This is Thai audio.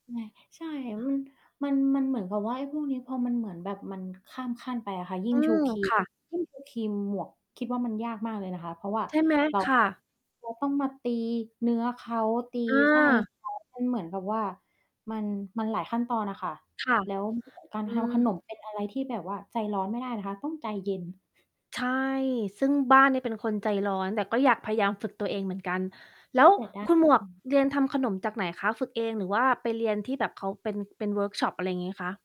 แหมะ ใช่ อ มัน มันเหมือนกับว่า ไอ้พวกนี้พอมันเหมือนแบบมันข้ามขั้นไปอะค่ะ ยิ่อืงชูม ครีคม ่ะ ยิ่งชูครีมหมวกคิดว่า มันยากมากเลยนะคะ เพราะว่าใช่ไหม? เรา ค่ต้อง ะ เราต้องมาตีเนื้อเขา ตีอไส้ า เขา มันเหมือนกับว่า มัน มันหลายขั้นตอนอะค่ะ ค่ะ แล้ว การอืทำขม นมเป็นอะไรที่แบบว่าใจร้อนไม่ได้นะคะ ต้องใจเย็น ใช่ ซึ่งบ้านเนี่ยเป็นคนใจร้อน แต่ก็อยากพยายามฝึกตัวเองเหมือนกัน แล้แลว้วแต่ด้าคน ุณหมวอกืม เรียนทำขนมจากไหนคะ ฝึกเองหรือว่าไปเรียนที่แบบเขาเป็น เป็นเวิร์กช็อป อะไรอย่างงี้คะ?